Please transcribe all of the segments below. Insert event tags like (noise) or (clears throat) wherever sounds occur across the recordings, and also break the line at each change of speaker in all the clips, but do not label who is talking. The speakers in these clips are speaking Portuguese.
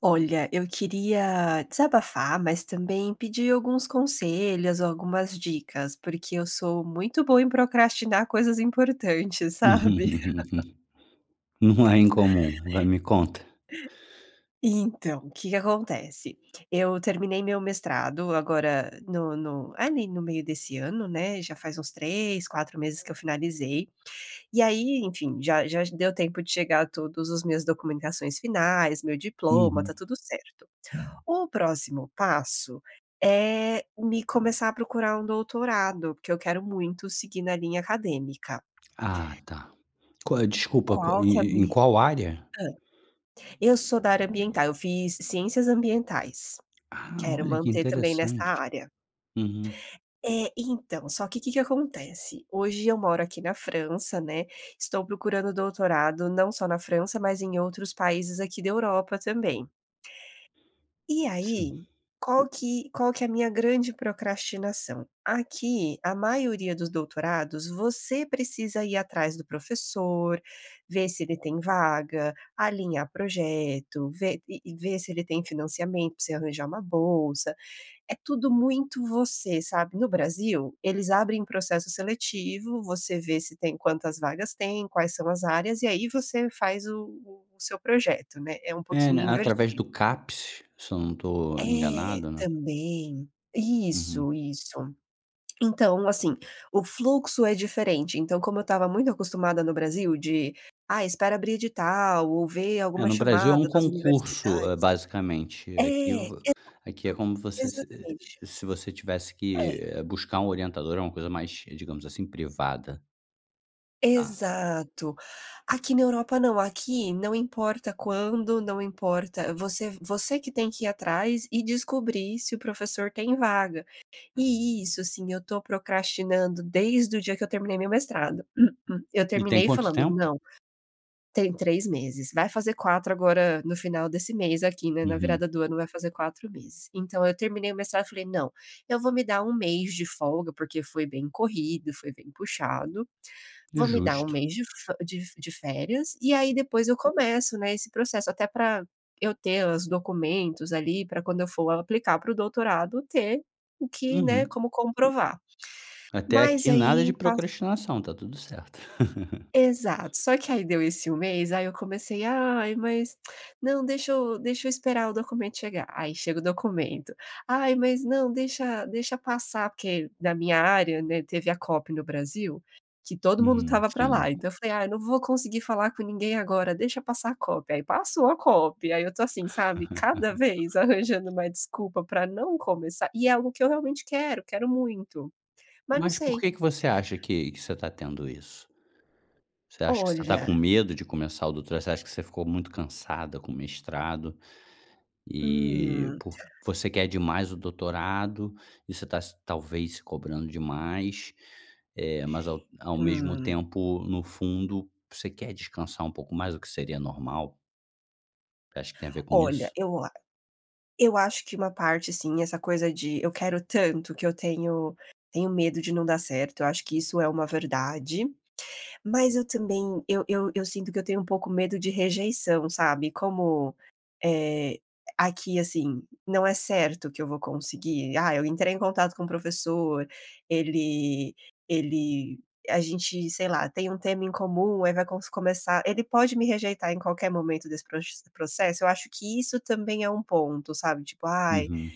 Olha, eu queria desabafar mas também pedir alguns conselhos ou algumas dicas, porque eu sou muito boa em procrastinar coisas importantes sabe?
(laughs)
(laughs)
Não é
(laughs)
incomum. Vai, me conta.
E então, o que que acontece? Eu terminei meu mestrado agora no no, ali no meio desse ano né, já faz uns 3, 4 meses que eu finalizei. E aí, enfim, já já deu tempo de chegar todos os meus documentações finais, o meu diploma,
Uhum.
tá tudo certo. O próximo passo é me começar a procurar um doutorado porque eu quero muito seguir na linha acadêmica.
Ah tá. Qual é desculpa
Qual que é a
e-e em
min
qual área?
hã. Eu sou da área ambiental, eu fiz Ciências Ambientais.
Ah,
Quero
olha, que
manter também nessa
interessante!
área.
Uhum.
É, então, só que o que que acontece? Hoje eu moro aqui na França, né. Estou procurando doutorado não só na França mas em outros países aqui da Europa também. E
Sim.
aí, qual que qual que é a minha grande procrastinação? Aqui a maioria dos doutorados você precisa ir atrás do professor, ver se ele tem vaga, alinhar projeto, ver e-e ver se ele tem financiamento pra você arranjar uma bolsa, é tudo muito você, sabe. No Brasil, eles abrem processo seletivo, você vê se tem quantas vagas tem, quais são as áreas e aí você faz o o o seu projeto né. É
É,
pouquinho
né, através
invertido.
do CAPES, se eu não tô
É,
enganado, né.
também.
Uhum.
Isso, isso. Então assim, o fluxo é diferente, então, como eu estava muito acostumada no Brasil de: "Ah, espera abrir edital ou ver
É,
alguma
no Brasil é um
chamada nas
concurso,
universidades".
eh, basicamente,
É,
aqui vo aqui é
exato.
como você, eh,
Exatamente.
se se você tivesse
É.
que buscar um orientador, é uma coisa mais, digamos assim, privada. Tá.
Exato. Aqui na Europa não, aqui não importa quando, não importa você você que tem que ir atrás e descobrir se o professor tem vaga. E isso assim eu estou procrastinando desde o dia que eu terminei meu mestrado. (clears throat) Eu
E tem
terminei
quanto
falando
tempo?
não, tem 3 meses, vai fazer 4 agora no final desse mês aqui, né, na
Uhum.
virada do ano vai fazer 4 meses. Então eu terminei o mestrado e falei: "Não, eu vou me dar 1 mês de folga, porque foi bem corrido, foi bem puxado. Vou me dar 1
Justo.
mês de fe de de férias e aí depois eu começo, né, esse processo até para eu ter os documentos ali, para quando eu for aplicar para o doutorado ter o que, né,
Uhum.
como comprovar."
Até
Mas
aqui nada de
aí pas
procrastinação, está tudo certo. (chuckles)
Exato, só que aí deu esse 1 mês aí eu comecei ai mas, (smacks lips) não deixa eu deixa eu esperar o documento chegar, aí chega o documento. Ai mas não deixa deixa passar, porque na minha área, né, teve a COP no Brasil, que todo mundo
Uhum,
estava para lá.
sim.
Então eu falei: "Ah, eu não vou conseguir falar com ninguém agora, deixa passar a COP." Aí passou a COP, e aí eu estou assim, sabe? Cada vez
(chuckles)
arranjando uma desculpa para não começar e é algo que eu realmente quero, quero muito, mas não
Mas por
sei.
que que você acha que você está tendo isso? Você acha que você está
Olha
com medo de começar o doutor você acha que você ficou muito cansada com o mestrado e
Hum.
por você quer demais o doutorado e você tá se talvez se cobrando demais, eh, mas ao ao mesmo
Hum.
tempo, no fundo, você quer descansar um pouco mais, o que seria normal? Você acha que tem a ver com
Olha,
isso?
eu a eu acho que uma parte sim, essa coisa de: "Eu quero tanto que eu tenho tenho medo de não dar certo". Eu acho que isso é uma verdade, mas eu também eu eu eu sinto que eu tenho um pouco medo de rejeição, sabe. Como, eh, aqui assim, não é certo que eu vou conseguir: "Ah, eu entrei em contato com o professor, ele ele a gente, sei lá, tem um tema em comum, aí vai consu começar". Ele pode me rejeitar em qualquer momento desse proxe processo? Eu acho que isso também é um ponto, sabe? Tipo: "Ai,
Uhum.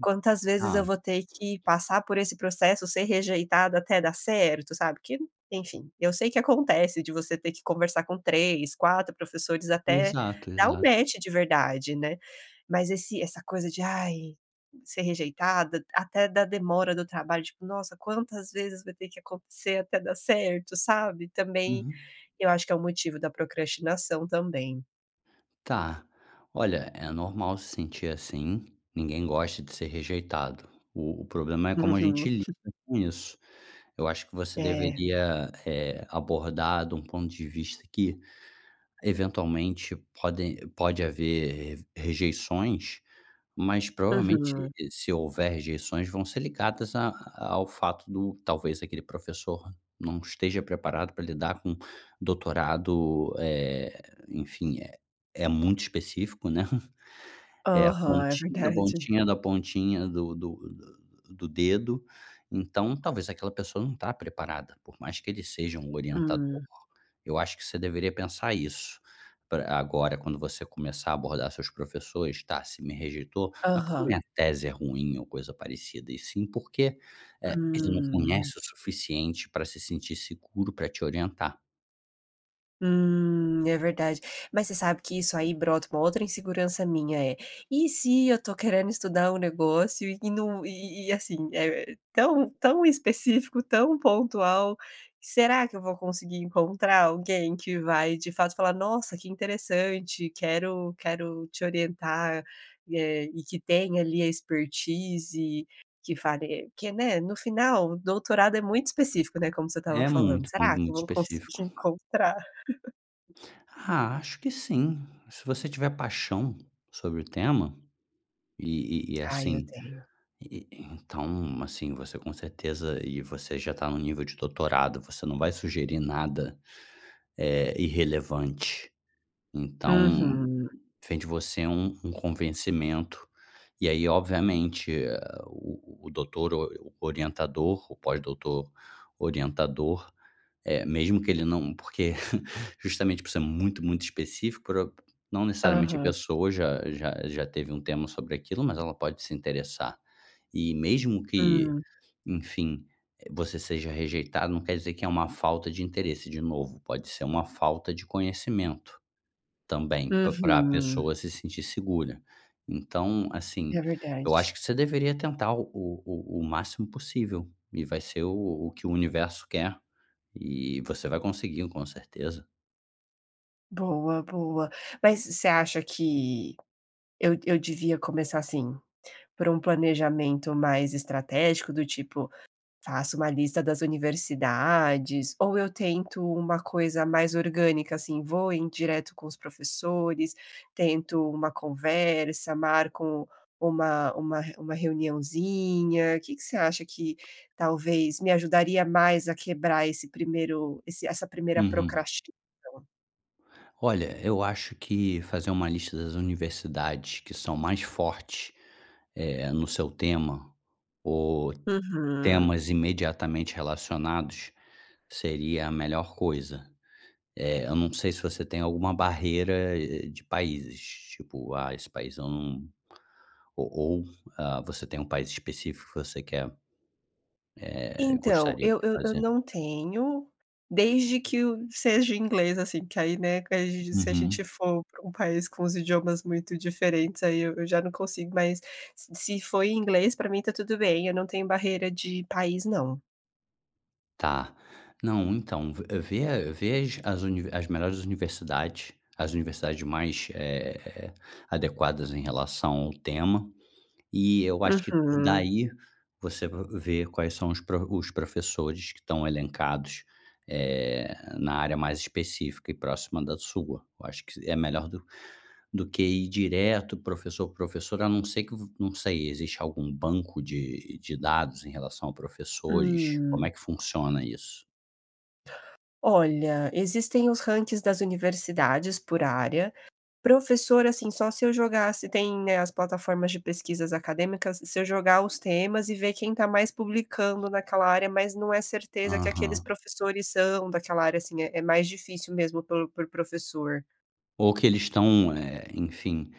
quantas vezes eu
Tá.
vou ter que passar por esse processo, ser rejeitada até dar certo?". Sabe? Que enfim, eu sei que acontece de você ter que conversar com 3, 4 professores até
Exato,
dar um
exato.
match de verdade, né? Mas esse essa coisa de: "Ai, ser rejeitada". Até da demora do trabalho tipo: "Nossa, quantas vezes vai ter que acontecer até dar certo?". Sabe? Também,
Uhum.
eu acho que é um motivo da procrastinação, também.
Tá, olha é normal se sentir assim, ninguém gosta de ser rejeitado, o o problema é como a
Uhum.
gente lida com isso. Eu acho que você
É.
deveria, eh, abordar de um ponto de vista que eventualmente podem pode haver rejeições, mas provavelmente
Uhum.
e se houver rejeições vão ser ligadas a ao fato do talvez aquele professor não esteja preparado pra lidar com doutorado, eh, enfim, eh, é muito específico, né. (chuckles) É a
Aham, é
pontinha, da
verdade.
pontinha, da pontinha do do do do dedo. Então, talvez aquela pessoa não tá preparada, por mais que ele seja um orientador.
Hum.
Eu acho que você deveria pensar isso, pra agora quando você começar abordar seus professores tá: "Se me rejeitou, não é porque
Aham.
minha tese é ruim ou coisa parecida". E sim porque, eh, ele não
Hum.
conhece o suficiente pra se sentir seguro pra te orientar.
Hum, é verdade. Mas você sabe que isso aí brota com uma outra insegurança minha, eh. E se eu tô querendo estudar o negócio e não e e e assim, é tão tão específico, tão pontual. Será que eu vou conseguir encontrar alguém que vai de fato falar: "Nossa, que interessante! Quero quero te orientar" e, eh, e que tem ali a expertise que fari que é, né, no final, o doutorado é muito específico, né, como você estava
É
falando.
muito,
Será
muito,
que eu
muito
vou
específico.
conseguir encontrar? (laughs)
Ah, acho que sim. Se você tiver paixão sobre o tema, e e e
Ai, eu
assim,
tenho.
e e então, assim, você com certeza, e você já tá no nível de doutorado, você não vai sugerir nada, eh, irrelevante. Então,
Uhum.
vem de você um um convencimento. E aí obviamente, eh, o o o doutor o orientador, o pós-doutor orientador, eh, mesmo que ele não porque (laughs) justamente por ser muito, muito específico por o não necessariamente a
Aham.
pessoa já já já teve um tema sobre aquilo, mas ela pode se interessar. E mesmo que,
Sim.
enfim, eh, você seja rejeitado não quer dizer que é uma falta de interesse, de novo, pode ser uma falta de conhecimento, também, pa pra
Uhum.
pessoa se sentir segura. Então,
É
assim. Eu acho
verdade.
que você deveria tentar o o o o máximo possível, e vai ser o o que o universo quer, e você vai conseguir, com certeza.
Boa, boa. Mas, você acha que eu eu devia começar, assim, por um planejamento mais estratégico, do tipo, faço uma lista das universidades? Ou eu tento uma coisa mais orgânica, assim, vou em direto com os professores, tento uma conversa, marco uma uma re uma reuniãozinha. Que que você acha que talvez me ajudaria mais a quebrar esse primeiro esse essa primeira
Uhum.
procrastinação?
Olha, eu acho que fazer uma lista das universidades que são mais fortes, eh, no seu tema, ou
Uhum.
temas imediatamente relacionados, seria a melhor coisa. Eh, eu não sei se você tem alguma barreira de países, tipo: "Ah, esse país eu não". O ou, ah, você tem um país específico que você quer eh,
Então,
gostaria de
eu eu eu
fazer?
não tenho, desde que o seja o inglês, assim, que aí, né, que se a gente
Uhum.
for pra um país com os idiomas muito diferentes, aí eu eu já não consigo, mas se se foi em inglês, pra mim está tudo bem, eu não tenho barreira de país não.
Tá, não então, v vê a vê as as unive as melhores universidades, as universidades mais, eh, adequadas em relação ao tema, e eu acho que d
Uhum.
daí, você v vê quais são os pro os professores que estão elencados, eh, na área mais específica e próxima da sua. Eu acho se é melhor do do que ir direto, professor por professor, a não ser que v não sei, existe algum banco de de dados em relação a professores, como é
Hum.
que funciona isso?
Olha, existem os rankings das universidades por área. Professor, assim, só se eu jogar se tem, né, as plataformas de pesquisas acadêmicas, se eu jogar os temas e ver quem tá mais publicando naquela área, mas não é certeza que aqueles
Uhum.
professores são daquela área, assim, é é mais difícil mesmo pel por professor.
Ou que eles estão, eh, enfim,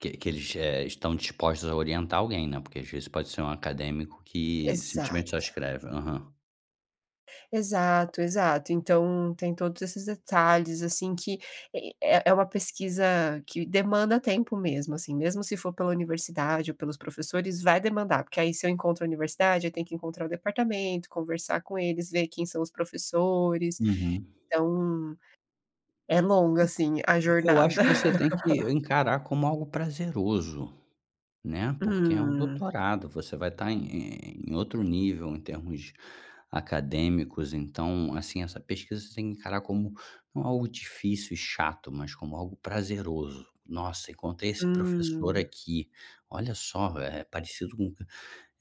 que, eh, que eles, eh, estão dispostos a orientar alguém, né, porque às vezes, pode ser um acadêmico que simplesmente só
Exato.
escreve. Aham.
Exato, exato. Então, tem todos esses detalhes assim, que, eh eh eh, uma pesquisa que demanda tempo mesmo, assim, mesmo se for pela universidade ou pelos professores vai demandar porque aí, se eu encontro a universidade eu tenho que encontrar o departamento, conversar com eles, ver quem são os professores,
Uhum.
então, é longa,
Eh,
assim, a
eu acho
jornada.
que você tem que
(laughs)
encarar como algo prazeroso, né, porque é um
Hum.
doutorado, você vai estar em em outro nível em termos acadêmicos, então, assim, essa pesquisa você tem que encarar como não algo difícil e chato, mas como algo prazeroso: "Nossa, encontrei esse professor
Hum.
aqui, olha só, eh, parecido com",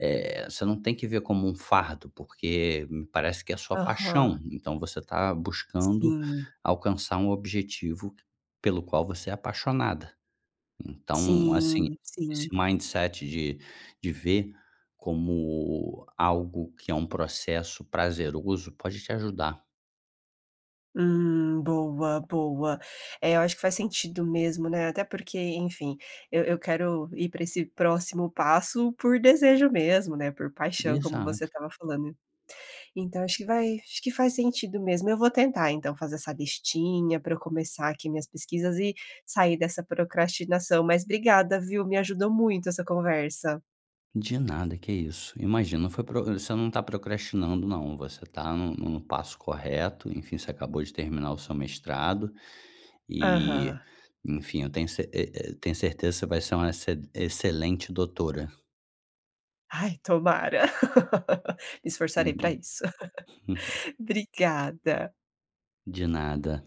eh, você não tem que ver como um fardo, porque me parece que é sua paixão,
Aham.
então você tá buscando
Sim.
alcançar um objetivo pelo qual você é apaixonada. Então assim,
Sim
esse
sim.
mindset de de ver como algo que é um processo prazeroso, pode te ajudar.
Hum, boa, boa! Eh, eu acho que faz sentido mesmo, né, até porque enfim, eu eu quero ir pra esse próximo passo por desejo mesmo, né, por paixão como você
Exato.
estava falando. Então acho que vai acho que faz sentido mesmo, eu vou tentar então fazer essa listinha pra eu começar aqui minhas pesquisas e sair dessa procrastinação. Mas obrigada viu, me ajudou muito essa conversa.
De nada, que isso, imagina, não foi pro você não tá procrastinando não, você tá no no passo correto, enfim, você acabou de terminar o seu mestrado. E,
Aham.
enfim, eu tenho ce e e eu tenho certeza que você vai ser uma exce excelente doutora.
Ai, tomara! (laughs) Me esforçarei pra
Uhum.
isso!
(laughs)
(laughs) Obrigada.
De nada.